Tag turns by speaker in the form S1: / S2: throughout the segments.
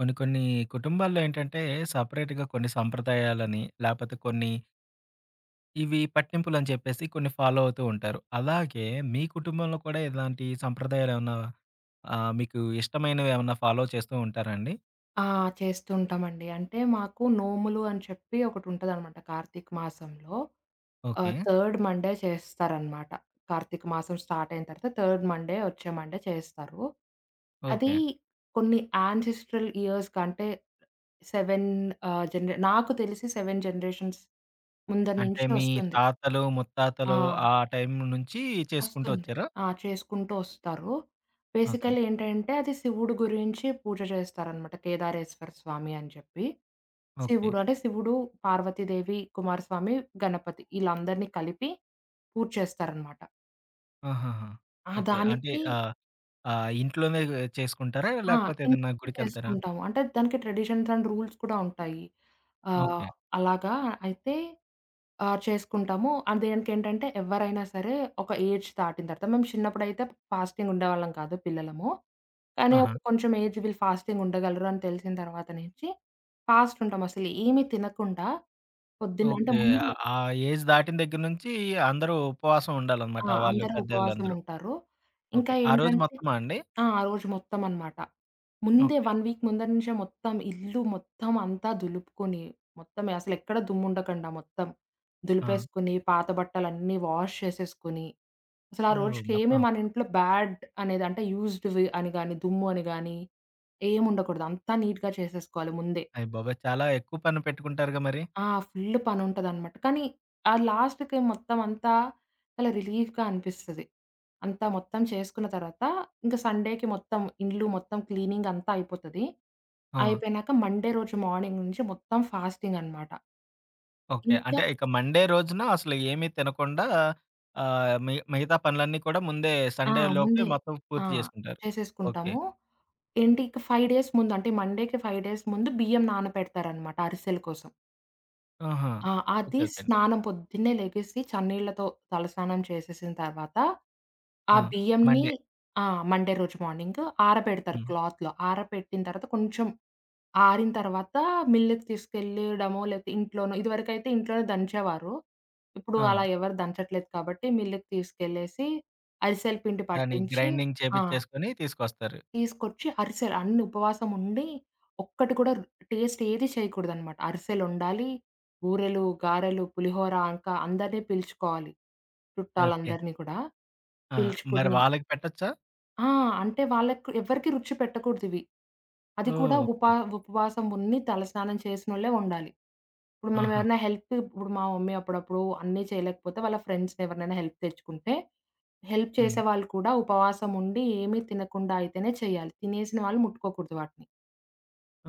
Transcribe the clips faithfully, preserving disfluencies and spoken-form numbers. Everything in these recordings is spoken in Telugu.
S1: కొన్ని కొన్ని కుటుంబాల్లో ఏంటంటే సెపరేట్‌గా కొన్ని సాంప్రదాయాలని లేపోతే కొన్ని ఇవి పట్టింపులుని చెప్పేసి కొన్ని ఫాలో అవుతూ ఉంటారు. అలాగే మీ కుటుంబంలో కూడా ఇలాంటి సంప్రదాయాలేమన్నా ఆహ్, మీకు ఇష్టమైనవి ఏమన్నా ఫాలో చేస్తూ ఉంటారా అండి?
S2: ఆ! చేస్తుంటామండి. అంటే మాకు నోములు అని చెప్పి ఒకటుంటదనమాట కార్తీక మాసంలో. ఆహ్,
S1: ఓకే.
S2: థర్డ్ మండే చేస్తారనమాట. కార్తీక మాసం స్టార్టయిన తర్వాత థర్డ్ మండే వచ్చే మండే చేస్తారు. అదీ
S1: ఓకే.
S2: కొన్ని యాన్సెస్టరల్ ఇయర్స్ కంటే సెవెన్ ఆహ్, జనరే నాకు తెలిసి సెవెన్ జనరేషన్స్ ముందర
S1: అంటే
S2: నుంచి
S1: మీ
S2: వస్తుంది.
S1: తాతలు, ముత్తాతలు
S2: ఆ!
S1: ఆ టైం నుంచి చేసుకుంటూ
S2: వస్తుంది.
S1: వచ్చారా?
S2: ఆ! చేసుకుంటూ వస్తారు.
S1: ఓకే.
S2: బేసికల్లీ ఏంటంటే, అది శివుడి గురించి పూజ చేస్తారనమాట కేదారేశ్వర స్వామి అని చెప్పి.
S1: ఓకే.
S2: శివుడు, అంటే శివుడు, పార్వతీదేవి, కుమారస్వామి, గణపతి ఈళ్ళందరిని కలిపి పూజ చేస్తారనమాట.
S1: ఆహాహా!
S2: అహా!
S1: ఓకే. అంటే
S2: దానికి
S1: ఆహ్, ఆహ్, ఇంట్లోనే ఎ చేసుకుంటారా?
S2: ఆ!
S1: లేకపోతే ఏదన్నా
S2: ఇంట్లోనే
S1: గుడికెళ్తారా?
S2: చేసుకుంటాము. అంటే దానికి ట్రెడిషన్స్ అండ్ రూల్స్ కూడా ఉంటాయి. ఆహ్,
S1: ఓకే.
S2: అలాగా అయితే ఆహ్, చేసుకుంటాము. అండ్ దేనికేంటంటే, ఎవ్వరైనా సరే ఒక ఏజ్ తాటిన తర్వాత మేము చిన్నప్పుడైతే ఫాస్టింగ్ ఉండేవాళ్ళం కాదు పిల్లలము. కానీ ఒక
S1: ఆహా!
S2: కొంచెం ఏజ్ వీళ్ళు ఫాస్టింగ్ ఉండగలరు అని తెలిసిన తర్వాత నుంచి, ఫాస్ట్ ఉంటం అసలు ఏమి తినకుండా, పొద్దున్న అంటే
S1: ఓకే.
S2: ముందు
S1: ఆ ఆ ఏజ్ దాటిన దగ్గర నుంచి అందరూ ఉపవాసం ఉండాలనమాట
S2: ఆ!
S1: వాళ్ళు
S2: అందరూ ఉపవాసం
S1: పెద్దోళ్ళందరూ.
S2: ఉంటారు. ఇంకా
S1: ఓకే. ఆ రోజు
S2: ఏంటంటే
S1: మొత్తమా అండి?
S2: ఆ! ఆ రోజు మొత్తమనమాట. ముందే
S1: ఓకే.
S2: వన్ వీక్ ముందర నుంచే మొత్తం ఇల్లు మొత్తం అంతా దులుపుకొని, మొత్తం అసలెక్కడ దుమ్ముండకండా మొత్తం,
S1: ఆ!
S2: దులిపేసుకొని పాత బట్టలన్నీ వాష్ చేసేసుకొని, అసలు ఆ
S1: ఓహ్!
S2: రోజుకేమి
S1: మొత్తం
S2: మనింట్లో బ్యాడ్ అనేది అంటే యూజ్డ్‌వి అని గాని, దుమ్ము అని గాని, ఏముండకూడదు. అంత నీట్‌గా చేసేసుకోవాలి ముందే.
S1: అయ్య బాబోయ్! చాలా ఎక్కువ పని పెట్టుకుంటారుగా మరి?
S2: ఆ! ఫుల్ పని ఉంటదనమాట. కానీ ఆ లాస్ట్‌కి మొత్తం అంతా చాలా రిలీఫ్‌గా అనిపిస్తది. అంతా మొత్తం చేసుకున్న తర్వాత ఇంక సండేకి మొత్తం ఇండ్లు మొత్తం క్లీనింగ్ అంతా అయిపోతది.
S1: ఆ!
S2: అయిపోయినాక మండే రోజు మార్నింగ్ నుంచి మొత్తం ఫాస్టింగనమాట.
S1: ఓకే.
S2: ఇంకా
S1: అంటే ఇక మండే రోజున అసలు ఏమీ తినకుండా ఆహ్, మిగ మిగతా పనులన్నీ కూడా ముందే
S2: ఆ!
S1: సండేలోపే
S2: ముందే.
S1: మొత్తం
S2: ఆ!
S1: పూర్తి జేసుకుంటారు. ఓకే.
S2: చేసేసుకుంటాము. ఎంటీ ఇక ఫైవ్ డేస్ ముందు అంటే మండేకి ఫైవ్ డేస్ ముందు బియ్యం నానపెడతారనమాట అరిసెల కోసం.
S1: ఆహా!
S2: ఆ! అది
S1: ఓకే. ఓకేండి.
S2: స్నానం పొద్దున్నే లెగేసి, చన్నీళ్లతో తలస్నానం చేసేసిన తర్వాత, ఆ
S1: ఆ!
S2: బియ్యంనీ
S1: మండే
S2: ఆ! మండే రోజు మార్నింగ్ ఆర పెడతారు.
S1: హ్మ్.
S2: క్లాత్‌లో ఆర పెట్టిన తర్వాత కొంచెం ఆరిన తర్వాత మిల్లుకి తీసుకెళ్లేయడమో, లేపోతే ఇంట్లోనో ఇదివరకైతే ఇంట్లోనే దంచేవారు. ఇప్పుడు అలా
S1: ఆ!
S2: ఎవరు దంచట్లేదు కాబట్టి, మిల్లుకి తీసుకెళ్లేసి అరిసెల పిండి
S1: దాన్ని
S2: పట్టించి
S1: గ్రైండింగ్
S2: ఆ!
S1: చేపించేసుకొని తీసుకొస్తారు.
S2: తీసుకొచ్చి అరిసెలు అన్నీ ఉపవాసం ఉండి, ఒక్కటి కూడా టేస్ట్ ఏదీ చేయకూడదనమాట. అరిసెలు ఒండాలి. బూరెలు, గారెలు, పులిహోర. ఇంకా అందరినీ పిలుచుకోవాలి,
S1: ఓకే.
S2: చుట్టాలందరినీ కూడా.
S1: ఆ! మరి
S2: పిలుచుకుని
S1: వాళ్ళకి పెట్టొచ్చా?
S2: ఆ! అంటే, వాళ్లకి ఎవరికీ రుచి పెట్టకూడదు ఇవి. అది కూడా
S1: ఓహ్!
S2: ఉప
S1: ఓకే.
S2: ఉపవాసం ఉండి తలస్నానం చేసినోళ్లే ఉండాలి. ఇప్పుడు మనం
S1: ఆహా!
S2: ఏవైనా హెల్ప్ ఇప్పుడు మా మమ్మీ అప్పుడప్పుడు అన్నీ చేయలేకపోతే వాళ్ల ఫ్రెండ్స్‌ని ఎవరినైనా హెల్ప్‌కి తెచ్చుకుంటే, హెల్ప్
S1: హ్మ్.
S2: చేసేవాళ్లు కూడా ఉపవాసం ఉండి, ఏమీ తినకుండా అయితేనే చేయాలి. తినేసిన వాళ్లు ముట్టుకోకూడదు వాటిని.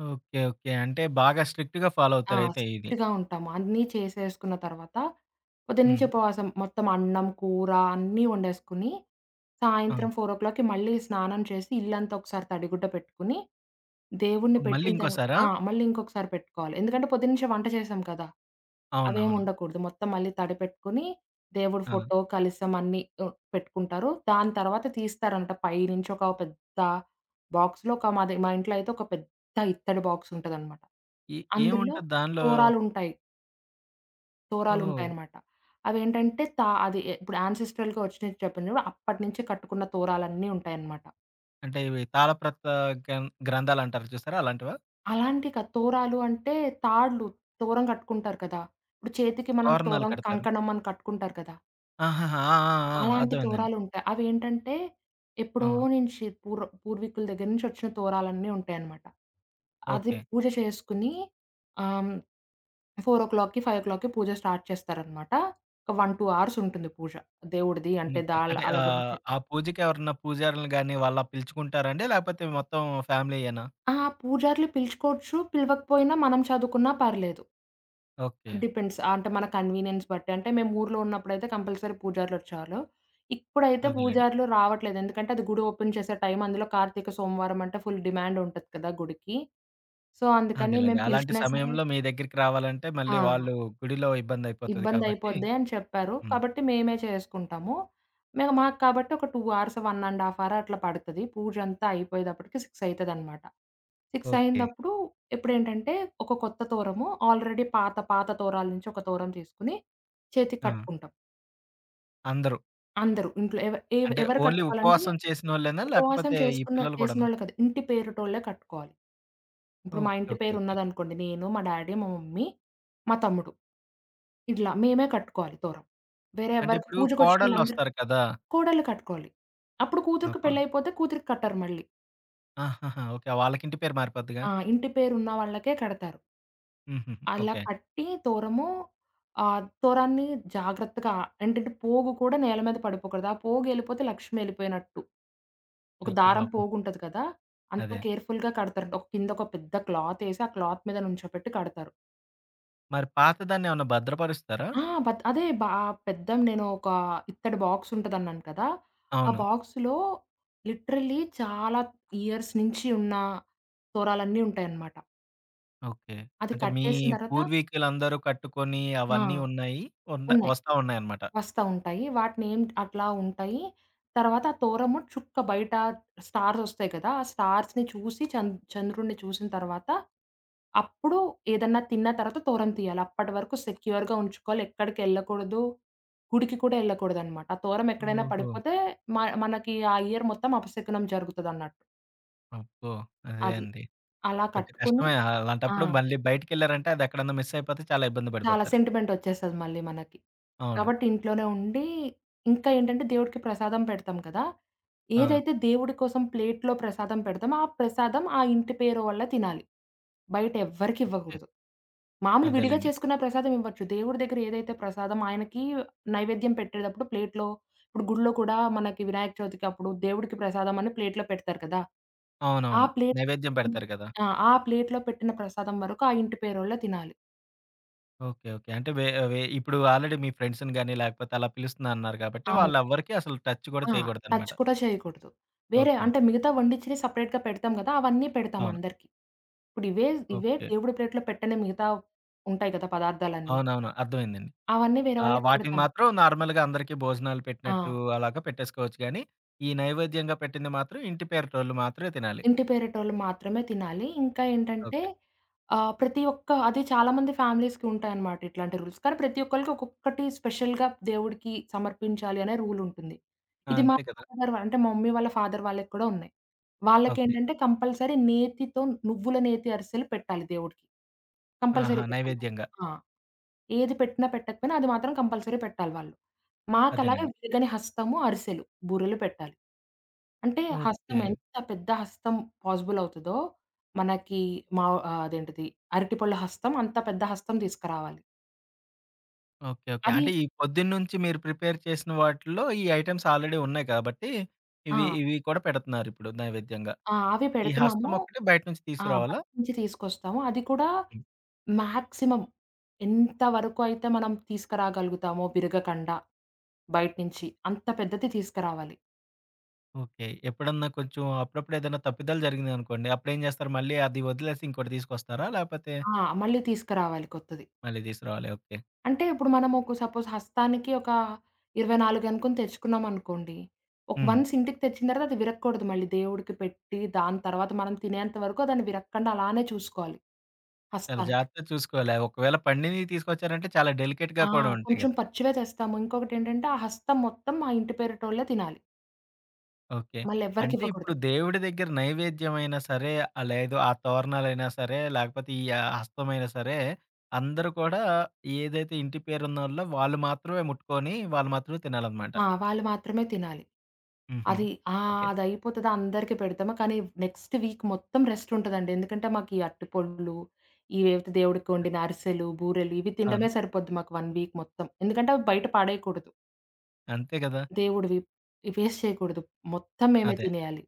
S1: ఓకే. ఓకే. అంటే, బాగా స్ట్రిక్ట్‌గా ఫాలో
S2: ఆ!
S1: అవుతారు అయితే ఇది.
S2: స్ట్రిక్ట్‌గా ఉంటాం. అన్నీ చేసేసుకున్న తర్వాత పొద్దు నుంచి
S1: హ్మ్.
S2: ఉపవాసం మొత్తం అన్నం, కూర అన్నీ వండేసుకొని
S1: హ్మ్.
S2: సాయంత్రం ఫోర్ ఓ క్లాక్‌కి మళ్లీ స్నానం చేసి, ఇల్లంతా ఒకసారి తడిగుడ్డ పెట్టుకొని, దేవుడిని
S1: మళ్ళీ
S2: పెట్టిన తర్వా
S1: ఇంకోసారా?
S2: ఆ! మళ్లీ ఇంకొకసారి పెట్టుకోవాలి. ఎందుకంటే పొద్దు నుంచే వంట చేసాం కదా! అవేమీ
S1: అవునవును.
S2: ఉండకూడదు. మొత్తం మళ్లీ తడిపెట్టుకొని, దేవుడు
S1: ఆ!
S2: ఫోటో, కలశం అన్నీ ఒ పెట్టుకుంటారు. దాని తర్వాత తీస్తారంట. పై నుంచి ఒక పెద్ద బాక్స్‌లో కామదే మా ఇంట్లో అయితే ఒక పెద్ద ఇత్తడి బాక్స్ ఉంటదనమాట.
S1: ఏ
S2: అందులో
S1: ఏముంటది దాన్లో?
S2: తోరాలు ఉంటాయి. తోరాలు
S1: ఓహో!
S2: ఉంటాయన్నమాట. అవేంటంటే తా అది ఇప్పుడు యాన్సెస్ట్రల్‌గా వచ్చినవి. చెప్పినప్పుడు అప్పటినుంచే కట్టుకున్న తోరాలన్నీ ఉంటాయన్నమాట.
S1: అంటే ఇవి తాళప్రత గం గ్రంథాలుంటారా చూసారా? అలాంటివా?
S2: అలాంటివి కాదు! తోరాలు అంటే తాళ్ళు, తోరం కట్టుకుంటారు కదా! ఇప్పుడు చేతికి మనం
S1: తోరణాలు
S2: తోరం,
S1: కడతారు.
S2: కంకణం అని కట్టుకుంటారు కదా!
S1: ఆహాహా! ఆ! ఆ! ఆ!
S2: అలాంటి
S1: అర్థమైందండి.
S2: తోరాలు ఉంటాయి. అవేంటంటే ఎప్పుడో
S1: ఆ!
S2: నుంచి పూర్వ పూర్వీకుల దగ్గర నుంచి వచ్చిన తోరాలన్నీ ఉంటాయన్నమాట. అది
S1: ఓకే.
S2: పూజ చేసుకొని అహ్, హ్మ్. ఫోర్ ఓ క్లాక్‌కి ఫైవ్ ఓ క్లాక్‌కి పూజ స్టార్ట్ చేస్తారనమాట. ఒక వన్ టూ హార్స్ ఉంటుంది పూజ. దేవుడిది అంటే దా
S1: ఓకే. అంటే
S2: ఆళ్ల
S1: ఆహ్,
S2: గురించి.
S1: ఆ పూజకి ఎవరన్నా పూజారలు గాని, వాళ్ళ పిలుచుకుంటారాండి? లేకపోతే మొత్తం ఫ్యామిలీయేనా?
S2: అహా! పూజారులు పిలుచుకోవచ్చు. పిలవకపోయినా మనం చదువుకున్నా పర్లేదు.
S1: ఓకే.
S2: డిపెండ్స్. అంటే మన కన్వీనియన్స్ బట్టి. అంటే మేము ఊర్లో ఉన్నప్పుడైతే కంపల్సరీ పూజారులు వచ్చేవాలు. ఇప్పుడైతే
S1: అదేలెండి.
S2: పూజారులు రావట్లేదు. ఎందుకంటే అది గుడి ఓపెన్ చేసే టైం. అందులో కార్తీక సోమవారం అంటే ఫుల్ డిమాండ్ ఉంటది కదా గుడికి. సో, అందుకని
S1: అదేలెండి.
S2: మేము
S1: అలాంటి
S2: పిలిచినా సరే
S1: సమయంలో మీ దగ్గరికి రావాలంటే మళ్ళీ
S2: ఆ!
S1: వాళ్ళు గుడిలో ఇబ్బంది అయిపోతది కాబట్టి.
S2: "ఇబ్బందయిపోద్ది" అని చెప్పారు.
S1: హ్మ్.
S2: కాబట్టి, మేమే చేసుకుంటాము. మేము మాకు కాబట్టి ఒక two hours, one and half hour అట్లా పడతది. పూజ అంతా అయిపోయేటప్పటికి సిక్స్ అయితదనమాట. Six
S1: okay.
S2: అయిందప్పుడు ఇప్పుడేంటంటే, ఒక కొత్త తోరము ఆల్రెడీ పాత పాత తోరాల నుంచి ఒక తోరం చేసుకొని చేతికి
S1: ఆ!
S2: కట్టుకుంటాం.
S1: అందరు.
S2: అందరూ. ఇంట్లో ఎవ ఎవ
S1: అంటే,
S2: ఎవరు
S1: ఓన్లీ
S2: కట్టుకోవాలంటే,
S1: ఉపవాసం చేసినోళ్ళేనా?
S2: ఉపవాసం
S1: లేకపోతే ఈ
S2: చేసుకున్న
S1: పిల్లలు గూడనా?
S2: చేసినోళ్ళు కాదు, ఇంటి పేరుటోళ్ళే కట్టుకోవాలి. ఇప్పుడు మా
S1: ఓకే.
S2: ఇంటి
S1: ఓకే.
S2: పేరు
S1: ఓకే.
S2: ఉన్నదనుకోండి నేను, మా డ్యాడీ, మా మమ్మీ, మా తమ్ముడు. ఇట్లా మేమే కట్టుకోవాలి తోరం. వేరే
S1: అంటే,
S2: ఎవ్వరికి
S1: ఇప్పుడు కోడళ్లు
S2: పూజకొచ్చినోళ్ళందరి
S1: ఒస్తారు కదా!
S2: కోడళ్ళు కట్టుకోవాలి. అప్పుడు
S1: ఆహ్,
S2: కూతురికి
S1: ప
S2: పెళ్లయిపోతే కూతురికి కట్టరు మళ్ళీ.
S1: ఆహాహా! ఓకే. వాళ్ళకి ఇంటి పేరు మారిపోద్దిగా.
S2: ఆ! ఇంటి పేరు ఉన్న వాళ్ళకే కడతారు.
S1: హుహుహు.
S2: అలా
S1: ఓకే.
S2: కట్టి తోరము, ఆ తోరాన్ని జాగ్రత్తగా ఏంటంటే, పోగు కూడా నేల మీద పడిపోకూడదు. ఆ పోగెళ్ళిపోతే లక్ష్మి ఎళ్ళిపోయినట్టు. ఒక
S1: అయ్య
S2: దారం
S1: బాబోయ్!
S2: పోగుంటది కదా! అంత
S1: అదే.
S2: కేర్‌ఫుల్‌గా కడతారంట. ఒక కిందొ ఒక పెద్ద క్లాతేసి ఆ క్లాత్ మీద నుంచోపెట్టి కడతారు.
S1: మరి పాతదాన్ని ఏమన్నా భద్రపరుస్తారా?
S2: ఆ! బద్ అదే బా ఆ పెద్దం నేను ఒక ఇత్తడి బాక్స్ ఉంటదన్నాను కదా! ఆ
S1: అవును.
S2: బాక్స్‌లో లిటరల్లీ చాలా ఇయర్స్ నించి ఉన్న తోరాలన్నీ ఉంటాయనమాట.
S1: ఓకే.
S2: అది
S1: అంటే, మీ
S2: కట్టేసిన తర్వాత
S1: పూర్వీకులందరూ కట్టుకొని,
S2: ఆ!
S1: అవన్నీ ఉన్నాయి. ఉండ
S2: ఉన్నాయి.
S1: వస్తా ఉన్నాయనమాట.
S2: వస్తా ఉంటాయి. వాటినేం అట్లా ఉంటాయి. తర్వాత ఆ తోరము చుక్క బయట స్టార్స్ ఒస్తాయి కదా! ఆ స్టార్స్‌ని చూసి చంద్ చంద్రుడిని చూసిన తర్వాత అప్పుడు ఏదన్నా తిన్నా తర్వాత తోరం తీయాలి. అప్పటి వరకు సెక్యూర్‌గా ఉంచుకోవాలి, ఎక్కడికెళ్ళకూడదు, గుడికి కూడా ఎళ్ళకూడదనమాట. ఆ తోరం ఎక్కడైనా
S1: ఓహో!
S2: పడిపోతే మ మనకి ఆ ఇయర్ మొత్తం అపశకునం జరుగుతదన్నట్టు.
S1: అబ్బో! అదే
S2: అది.
S1: అండి.
S2: అలా
S1: కొంచెం
S2: కట్టుకొని
S1: కష్టమే.
S2: ఆ!
S1: అలాంటప్పుడు మళ్లీ బయటికెళ్లారంటే, అదెక్కడన్నా మిస్‌ అయిపోతే చాలా ఇబ్బంది
S2: చాలా
S1: పడిపోతారు.
S2: సెంటిమెంట్ ఒచ్చేస్తది మళ్లీ మనకి.
S1: అవును.
S2: కాబట్టి ఇంట్లోనే ఉండి ఇంకా ఏంటంటే, దేవుడికి ప్రసాదం పెడతాం కదా!
S1: ఆ!
S2: ఏదైతే దేవుడి కోసం ప్లేట్‌లో ప్రసాదం పెడతామో, ఆ ప్రసాదం ఆ ఇంటి పేరువాళ్లు తినాలి. బయటెవ్వరికి
S1: ఓకే.
S2: ఇవ్వకూడదు. మామూలుగా విడిగా
S1: అదేలెండి.
S2: చేసుకున్న ప్రసాదం ఇవ్వచ్చు. దేవుడి దగ్గర ఏదైతే ప్రసాదమో, ఆయనకి నైవేద్యం పెట్టేటప్పుడు ప్లేట్‌లో ఇప్పుడు గుడిలో కూడా మనకి వినాయక చవితికి అప్పుడు దేవుడికి ప్రసాదం అని ప్లేట్‌లో పెడతారు కదా! ఆ
S1: అవునవును.
S2: ప్లేట్
S1: నైవేద్యం పెడతారు కదా!
S2: ఆ! ప్లేట్‌లో పెట్టిన ప్రసాదం వరకు ఆ ఇంటి పేరోళ్లే తినాలి.
S1: ఓకే. ఓకే. అంటే వే వే ఇప్పుడు ఆల్రెడీ మీ ఫ్రెండ్స్‌ని గానీ, లేకపోతే అలా పిలుస్తునన్నారు కాబట్టి,
S2: అవును.
S1: వాళ్ళెవ్వరికీ అసలు టచ్ కూడా
S2: ఆ! టచ్
S1: చేయకూడదనమాట.
S2: కూడా చేయకూడదు. వేరే
S1: ఓకే.
S2: అంటే, మిగతా వండిచ్చినవి సెపరేట్‌గా పెడతాం కదా! అవన్నీ పెడతాం
S1: అవును.
S2: అందరికీ. ఇప్పుడివే ఇవే
S1: ఓకే.
S2: దేవుడి ప్లేట్‌లో పెట్టిన మిగతా ఉంటాయి కదా పదార్థాలన్నీ.
S1: అవునవును. అర్థమైందండి.
S2: అవన్నీ వేరే
S1: ఆహ్,
S2: వాళ్ళకి
S1: వాటిని
S2: పెడతాం.
S1: మాత్రం నార్మల్‌గా అందరికీ భోజనాలు పెట్టినట్టు
S2: ఆ!
S1: అలాగా పెట్టేసుకోవచ్చు కానీ ఈ నైవేద్యంగా పెట్టింది మాత్రం ఇంటి పేరటోళ్లు మాత్రమే తినాలి.
S2: ఇంటి పేరటోళ్లు మాత్రమే తినాలి. ఇంకా ఏంటంటే
S1: ఓకే.
S2: ఆహ్, ప్రతి ఒక్క అది చాలామంది ఫ్యామిలీస్‌కి ఉంటాయన్నమాట ఇట్లాంటి రూల్స్ కానీ ప్రతి ఒక్కళ్లకి ఒక్కొక్కటి స్పెషల్‌గా దేవుడికి సమర్పించాలి అనే రూల్ ఉంటుంది.
S1: ఆ!
S2: ఇది మా
S1: అంతే కదా!
S2: ఫాదర్ వాళ్లు అంటే, మమ్మీ వాళ్ల ఫాదర్ వాళ్లకి కూడా ఉన్నాయి.
S1: ఓకే.
S2: వాళ్లకేంటంటే, కంపల్సరీ నేతితో, నువ్వుల నేతి అరిసెలు పెట్టాలి దేవుడికి. కంపల్సరీ
S1: ఆహా!
S2: పెట్టాలనమాట.
S1: నైవేద్యంగా.
S2: ఆ! ఏది పెట్టినా పెట్టకపోయినా అది మాత్రం కంపల్సరీ పెట్టాలి వాళ్లు. మాకలాగే
S1: అదేనండి.
S2: విరగని హస్తము, అరిసెలు, బూరెలు పెట్టాలి. అంటే హస్తం
S1: ఓకే.
S2: ఎంత పెద్ద హస్తం పాజిబుల్ అవుతదో మనకి మావ ఆహ్, అదేంటిది అరటి పొళ్ల హస్తం అంత పెద్ద హస్తం తీసుకురావాలి.
S1: ఓకే. ఓకే. అంటే
S2: అది
S1: ఈ పొద్దున్నుంచి మీరు ప్రిపేర్ చేసిన వాటిల్లో, ఈ ఐటెమ్స్ ఆల్రేడీ ఉన్నాయి గాబట్టి, ఇవి,
S2: ఆ!
S1: ఇవి కూడా పెడుతన్నారిప్పుడు నైవేద్యంగా.
S2: ఆ! అవి
S1: ఈ హస్తం
S2: పెడతన్నాము.
S1: ఒక్కటి బయట నుంచి
S2: ఆ!
S1: తీసుకురావాలా?
S2: బయట నుంచి తీసుకొస్తాము. అది కూడా,
S1: హ్మ్.
S2: మ్యాక్సిమం ఎంత వరకు అయితే మనం తీస్కరాగలుగుతామో బిరగకండా, బయట్నించి అంత పెద్దది తీస్కరావాలి.
S1: ఓకే. ఎప్పుడన్నా కొంచెం అప్పుడప్పుడు ఏదన్నా తప్పిదాలు జరిగినయనుకోండి, అప్పుడేం జేస్తారు, మళ్ళీ అది వదిలేసి ఇంకోటి తీసుకొస్తారా? లేపోతే
S2: ఆ! మళ్ళీ తీస్కరావాలి కొత్తది.
S1: మళ్ళీ తీసుకు రావాలి. ఓకే.
S2: అంటే, ఇప్పుడు మనమొక సపోజ్ హస్తానికి ఒక, ఇరవై నాలుగు అనుకొని తెచ్చుకున్నామనుకోండి. ఒక్
S1: హ్మ్.
S2: వన్స్ ఇంటికి తెచ్చిన తర్వాత, అది విరక్కూడదు మళ్ళీ దేవుడికి పెట్టి, దాని తర్వాత మనం తినేంత వరకు అ దాన్ని విరగకండా అలానే చూసుకోవాలి.
S1: చాల
S2: హస్తాన్ని.
S1: జాగ్రత్తగా చూసుకోలే. ఒకవేళ పండినీయి తీసుకొచ్చారంటే, చాలా డెలికేట్‌గా
S2: ఆ!
S1: కూడా ఉంటాయి
S2: కొంచెం
S1: గదా!
S2: పచ్చివే తెస్తాము. ఇంకొకటేంటంటే, ఆ హస్తం మొత్తం మా ఇంటి పేరటోళ్ళే తినాలి...
S1: ఓకే.
S2: మళ్ళెవ్వరికి
S1: అంటే ఇప్పుడు
S2: ఇవ్వకూడదు.
S1: దేవుడి దెగ్గర నైవేద్యమైనా సరే, ఆ లేదు ఆ తోరణాలైనా సరే, లేకపోతే ఈ యా హస్తమైనా సరే, అందరూ కూడా ఏదైతే ఇంటి పేరున్నోళ్ళో వాళ్ళు మాత్రమే ముట్టుకొని, వాళ్ళు మాత్రమే తినాలనమాట.
S2: ఆ! వాళ్ళు మాత్రమే తినాలి.
S1: హుహు.
S2: అది ఆహ్,
S1: ఓకే.
S2: అదయిపోతది అందరికీ పెడతామ. కానీ, నెక్సట్ వీక్ మొత్తం రెస్టుంటదండి. ఎందుకంటే మాకీ అర్టి పొండ్లు, ఈ వేవయితే దేవుడి కొండి‌న అరిసెలు, బూరెలు ఇవి
S1: అవును.
S2: తిండమే సరిపోద్ది మాకు వన్ వీక్ మొత్తం. ఎందుకంటే అవి బయట పడేయకూడదు.
S1: అంతే గదా!
S2: దేవుడివి వేస్ట్ చేయకూడదు. మొత్తం మేమే
S1: అదే.
S2: తినేయాలి.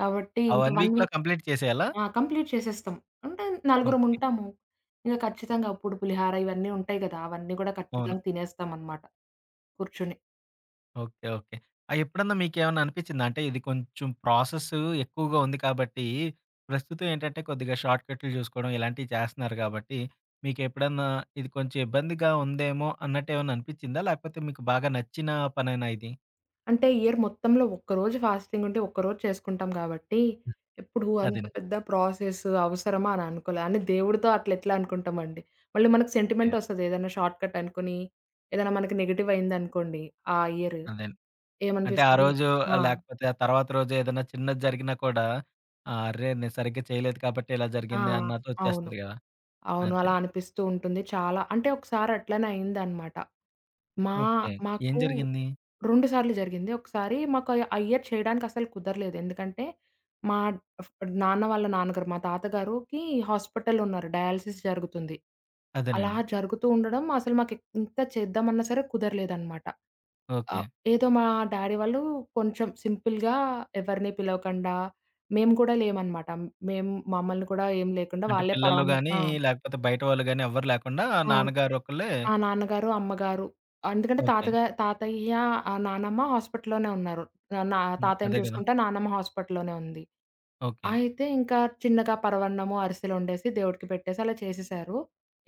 S2: కాబట్టి
S1: ఆ
S2: ఇంకా
S1: వన్
S2: వన్
S1: వీక్‌లో
S2: వీక్
S1: కంప్లీట్ చేసేయాలా?
S2: ఆ! కంప్లీట్ చేసేస్తాం. అంటే
S1: ఓకే.
S2: నలుగురముంటాము. ఇంగ ఖచ్చితంగాప్పుడు పులిహార, ఇవన్నీ ఉంటాయి కదా! అవన్నీ కూడా
S1: అవును.
S2: ఖచ్చితంగా తినేస్తామనమాట. కూర్చుని.
S1: ఓకే. ఓకే. ఆహ్, ఎప్పుడన్నా మీకేమన్నా అనిపిచ్చిందా? అంటే ఇది కొంచెం ప్రాసెస్ ఎక్కువగా ఉంది కాబట్టి ప్రస్తుతం ఏంటంటే కొద్దిగా షార్ట్కట్లు జూసుకోవడం ఇలాంటివి చేస్తున్నారు గాబట్టి మీకెప్పుడన్నా ఇది కొంచెం ఇబ్బందిగా ఉందేమో! అన్నట్టేమన్నా అనిపిచ్చిందా? లేకపోతే మీకు బాగా నచ్చిన పనేనా ఇది?
S2: అంటే ఇయర్ మొత్తంలో ఒక్కరోజు ఫాస్థింగుంటే ఒక్కరోజు చేసుకుంటాం గాబట్టి. ఎప్పుడు అంత
S1: అదండి.
S2: పెద్ద ప్రాసెస్ అవసరమా? అని అనుకోలే. అయిన దేవుడితో అట్ల ఎట్లా అనుకుంటామండి? మళ్ళీ మనకు
S1: ఓకే.
S2: సెంటిమెంటొస్తది ఏదైనా షార్ట్‌‌కటనుకోని. ఏదైనా మనకి నెగెటివయిందనుకోండి ఆ ఇయర్.
S1: అదేం అంటే ఆ
S2: ఏమనిపిస్తది?
S1: రోజు
S2: ఆ!
S1: లేకపోతే ఆ తర్వాత రోజు ఏదైనా చిన్నది జరిగినా కూడా అర్రే! నేను సరిగ్గా చేయలేదు కాబట్టి ఇలా
S2: ఆ!
S1: జరిగింది
S2: అవును.
S1: అన్నట్టొచ్చేస్తది గదా!
S2: అవును. అలా
S1: అదేం.
S2: అనిపిస్తూ ఉంటుంది. చాలా అంటే ఒకసారి అట్లనే అయిందనమాట. మా
S1: ఓకే. ఏం
S2: మాకు
S1: జరిగింది?
S2: రెండు సార్లు జరిగింది. ఒకసారి మాకు ఆ ఇయర్ చేయడానికి అస్సలు కుదరలేదు. ఎందుకంటే మా ఫ్ డ్ నాన్న వాళ్ళ నాన్నగారు. మా తాతగారుకి హాస్పిటల్ ఉన్నారు. డయాలసిస్ జరుగుతుంది. అలా
S1: అదేనండి.
S2: జరుగుతూ ఉండడం అసలు మాకు ఎ ఎంత చేద్దామన్నా సరే, కుదరలేదనమాట. ఆహ్,
S1: ఓకే.
S2: ఏదో మా డ్యాడీ వాళ్ళు కొంచెం సింపుల్‌గా ఎవరిని పిలవకుండా, మేము కూడా లేమనమాట. మేము మమ్మల్ని కూడా ఏం లేకుండా
S1: అంటే
S2: వాళ్ళే
S1: పిల్లలు
S2: పరవాన్నం
S1: గానీ
S2: ఆ!
S1: లేకపోతే బయట వాళ్ళు గాని ఎవ్వరూ లేకుండా
S2: ఆ!
S1: నాన్నగారొకళ్ళే
S2: ఆ! నాన్నగారు, అమ్మగారు. ఎందుకంటే
S1: ఓకే.
S2: తాతగా తాతయ్య ఆహ్, నానమ్మ హాస్పిటల్లోనే ఉన్నారు. ఆహ్, నా
S1: హ్మ్.
S2: తాతయ్యని
S1: అదే గదా!
S2: చూసుకుంటా నానమ్మ హాస్పిటల్లోనే ఉంది.
S1: ఓకే.
S2: అయితే ఇంకా చిన్నగా పరవాన్నము, అరిసెలు వండేసి దేవుడికి పెట్టేసి అలా చేసేశారు.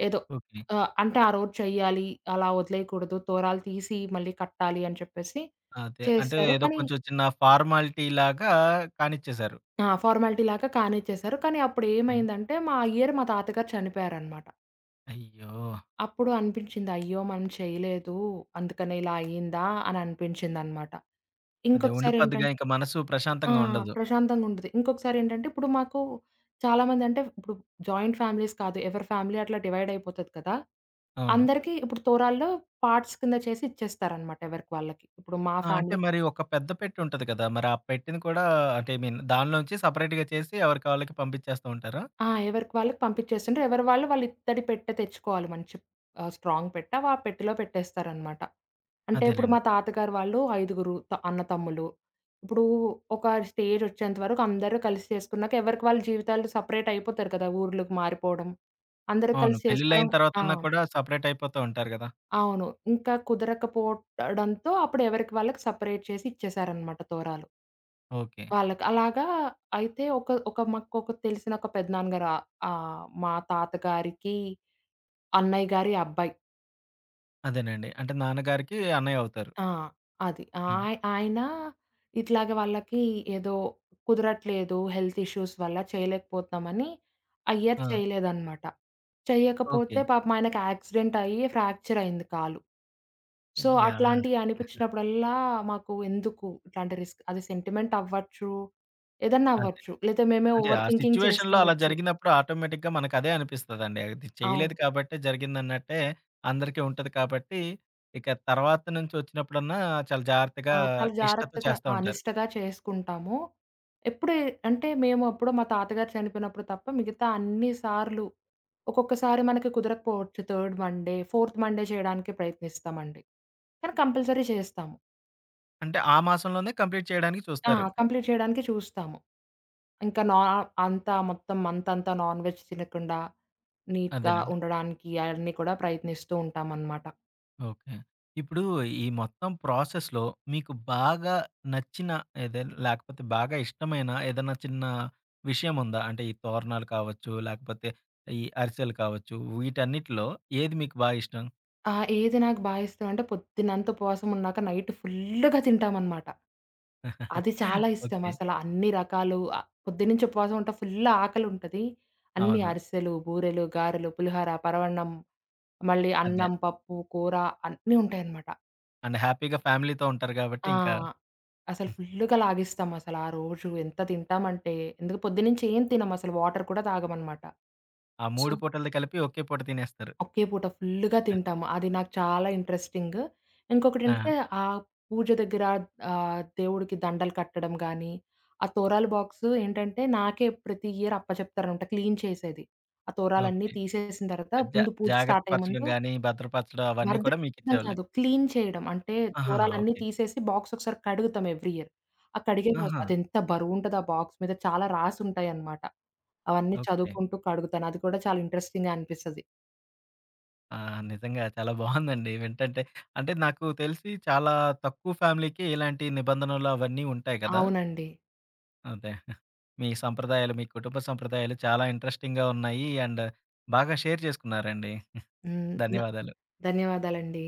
S2: ఏదో.
S1: ఓకే.
S2: ఆహ్, అంటే ఆ రోజు చెయ్యాలి. అలా వదిలేయకూడదు. తోరాలు తీసి మళ్ళీ కట్టాలి అని చెప్పేసి
S1: అదే. అంటే
S2: చేసారు.
S1: ఏదో
S2: కానీ
S1: కొంచెం చిన్న ఫార్మాలిటీలాగా కానిచ్చేసారు.
S2: ఆ! ఫార్మాలిటీలాగా కానిచ్చేేశారు. కానీ
S1: హ్మ్.
S2: అప్పుడేమైందంటే మా ఇయర్ మా తాతయగారు చనిపోయారనమాట.
S1: అయ్యో!
S2: అప్పుడు అనిపించింది. అయ్యో! మనం చేయలేదు. అందుకనే ఇలా అయిందా! అననిపించిందనమాట.
S1: అదే.
S2: ఇంకొకసారి ఏంటం
S1: ఉండిపోద్దిగా ఇంక మనసు
S2: ఆ!
S1: ప్రశాంతంగా ఉండదు.
S2: ప్రశాంతంగుంటది. ఇంకొకసారేంటంటే, ఇప్పుడు మాకు చాలామంది అంటే ఇప్పుడు జాయింట్ ఫ్యామిలీస్ కాదు, ఎవరు ఫ్యామిలీ అట్లా డివైడయిపోతది కదా!
S1: అవును.
S2: అందరికీ ఇప్పుడు తోరాళ్లో పార్ట్స్ కింద చేసి, ఇచ్చేస్తారనమాట ఎవరికి వాళ్ళకి. ఇప్పుడు మా
S1: ఆ! అంటే
S2: ఫ్యామిలీ
S1: మరి ఒక పెద్ద పెట్టేవుంటాది కదా! మరి ఆ పెట్టెని కూడా అంటే ఐ మీన్ దానిలో నుంచి సెపరేట్‌గా చేసి ఎవరికి వళ్ళకి పంపిచ్చేస్తా ఉంటారా?
S2: ఆ! ఎవరికి వాళ్ళకి పంపిచ్చేస్తుంటరు. ఎవరి వాళ్ళు వాళ్ళ ఇత్తడి పెట్ట తెచ్చుకోవాలి మంచి ఆహ్, స్ట్రాంగ్ పెట్ట వ పెట్టెలో పెట్టేస్తారనమాట. అంటే ఇప్పుడు
S1: అదేలెండి.
S2: మా తాతగారు వాళ్ళు ఐదుగురు త అన్న తమ్ములు. ఇప్పుడు ఒక స్టేజొచ్చేంత వరకు అందరూ కలిసి చేసుకున్నాక, ఎవరికి వాళ్ళ జీవితాలు సెపరేటయిపోతారు కదా! ఊర్లుకి మారిపోవడం. అందరూ
S1: అవును.
S2: కలిసి
S1: పెళ్ళిళ్ళయిన
S2: చేసుకోవడం ఆ!
S1: తర్వాతన్నా కూడా సెపరేటయిపోతూ ఉంటారు గదా!
S2: అవును. ఇంక కుదరకపోవడంతో అప్పుడెవరికి వాళ్ళకి సెపరేట్ చేసి ఇచ్చేసారనమాట తోరాలు.
S1: ఓకే.
S2: వాళ్ళకి. అలాగా అయితే ఒక ఒక మాకొక తెలిసిన ఒక పెద్దనాన్న గారు ఆహ్, ఆహ్, మా తాతగారికి, అన్నయ్య గారి అబ్బాయి.
S1: అదేనండి. అంటే, నాన్నగారికి అన్నయ్య అవుతారు.
S2: ఆ! అది.
S1: హ్మ్.
S2: ఆయ ఆయన ఇట్లాగే వాళ్ళకి ఏదో కుదరట్లేదు హెల్త్ ఇష్యూస్ వల్ల చేయలేకపోతునామని, ఆ ఇయర్
S1: ఆ!
S2: చేయలేదనమాట. చేయకపోతే
S1: ఓకే.
S2: పాపం ఆయనకి యాక్సిడెంట్ అయ్యి, ఫ్యాక్చరయ్యింది కాలు. So
S1: yeah!
S2: అట్లాంటియనిపించినప్పుడల్లా, మాకు ఎందుకు? ఇట్లాంటి రిస్క్ అది సెంటిమెంటవ్వచ్చు, ఏదైనా
S1: అదే.
S2: అవ్వచ్చు. లేతే మేమే
S1: అంటే,
S2: ఓవర్
S1: ఆ
S2: థింకింగ్
S1: సిట్యుయేషన్‌లో అలా
S2: చేసుకునుండొచ్చు.
S1: జరిగినప్పుడు ఆటోమేటిక్‌గా మనకదే అనిపిస్తదండి. అది చేయలేదు
S2: అవును.
S1: కాబట్టే జరిగిందన్నట్టే, అందరికీ ఉంటది కాబట్టి ఇక తర్వాత నుంచి వచ్చినప్పుడన్నా, చాలా జాగ్రత్తగా
S2: ఆ! చాలా
S1: నిష్టతో
S2: జాగ్రత్తగా
S1: చేస్తా
S2: ఆ!
S1: ఉంటారు.
S2: నిష్టగా చేసుకుంటాము. ఎప్పుడే అంటే, మేమెప్పుడో మా తాతగారు చనిపోయినప్పుడు తప్ప, మిగతా అన్ని సార్లు ఒక్కొక్కసారి మనకి కుదరకపోవచ్చు. థర్డ్ మండే, ఫోర్త్ మండే చేయడానికే ప్రయత్నిస్తామండి. కానీ, కంపల్సరీ చేస్తాము.
S1: అంటే, ఆ మాసంలోనే కంప్లీట్ చేయడానికి
S2: ఆ!
S1: చూస్తారు.
S2: కంప్లీట్ చేయడానికి చూస్తాము. ఇంకా నా అంతా మొత్తం మంతంతా నాన్ వెజ్ తినకుండా, నీట్‌గా
S1: అదేనండి.
S2: ఉండడానికి అయన్ని కూడా ప్రయత్నిస్తూ ఉంటామనమాట.
S1: ఓకే. ఇప్పుడు ఈ మొత్తం ప్రాసెస్‌లో మీకు బాగా నచ్చిన ఏదే లేకపోతే బాగా ఇష్టమైన ఏదైనా చిన్న విషయముందా? అంటే ఈ తోరణాలు కావచ్చు, లేకపోతే ఈ అరిసెలు కావచ్చు వీటన్నిటిలో ఏది మీకు బా ఇష్టం?
S2: ఆ! ఏది నాకు బా ఇష్టమంటే, పొద్దున్నంత ఉపవాసం ఉన్నాక నైట్ ఫుల్లుగా తింటామనమాట. అది చాలా ఇష్టం.
S1: ఓకే.
S2: అసల అన్ని రకాలు ఆహ్, పొద్దున్నుంచి ఉపవాసం ఉంట ఫుల్లు ఆకలుంటది. అన్ని
S1: అవును.
S2: అరిసెలు, బూరెలు, గారెలు, పులిహర, పరవన్నం. మళ్ళీ
S1: అదే.
S2: అన్నం, పప్పు, కూర అన్నీ ఉంటాయనమాట.
S1: అండ్ హ్యాపీగా ఫ్యామిలీతో ఉంటారు కాబట్టి
S2: ఆ!
S1: ఇంకా
S2: అసల ఫుల్లుగా లాగిస్తాం అసలా రోజు ఎంత తింటామంటే ఎందుక పొద్దున్నుంచి ఏం తినం అసలు వాటర్ కూడా తాగమనమాట.
S1: ఆ
S2: సో
S1: మూడు పూటలది కలిపి ఒకే పూట తినేస్తారు.
S2: ఒకే పూట ఫుల్లుగా
S1: అది.
S2: తింటాము. అది నాకు చాలా ఇంట్రెస్టింగ్. ఇంకొకటేంటంటే
S1: ఆ!
S2: ఆ పూజ దెగ్గర ఆహ్, దేవుడికి దండలు కట్టడం గానీ. ఆ తోరాలు బాక్సు ఏంటంటే నాకే ప్రతి ఇయర్ అప్ప జెప్తారంట. క్లీన్ చేసేది. ఆ తొరాలన్నీ
S1: ఓకే.
S2: తీసేసిన తర్వాత
S1: జా
S2: ముందు పూజ
S1: జాగ్రత్త
S2: స్టార్టయ్యే
S1: పరచడం
S2: ముందు
S1: గాని, భద్రపరచడం అవన్నీ కూడా
S2: భద్రపెట్టడం
S1: మీకిచ్చేవాళ్ళు.
S2: కాదు. క్లీన్ చేయడం. అంటే
S1: ఆహాహా!
S2: తోరాలన్నీ
S1: ఓకే.
S2: తీసేసి బాక్స్ ఒకసారి కడుగుతాం ఎవ్రి ఇయర్. ఆ కడిగే
S1: ఆహా!
S2: అదెంత బరువుంటది ఆ బాక్స్ మీద చాలా రాసుంటాయన్నమాట. అవన్నీ
S1: ఓకే.
S2: చదువుకుంటూ కడుగుతాను. అది కూడా చాలా ఇంట్రెస్టింగ్‌గా అనిపిస్తది.
S1: ఆ! నిజంగా చాలా బావుందండి. వింటంటే అంటే నాకు తెలిసి చాలా తక్కువ ఫ్యామిలీకి ఇలాంటి నిబంధనలు అవన్నీ ఉంటాయి గదా!
S2: అవునండి.
S1: అదే. మీ సంప్రదాయాలు, మీ కుటుంబ సంప్రదాయాలు చాలా ఇంట్రెస్టింగ్‌గా ఉన్నాయి. అండ్ బాగా షేర్ చేసుకున్నారండి.
S2: హ్మ్. న
S1: ధన్యవాధాలు.
S2: ధన్యవాదాలండి.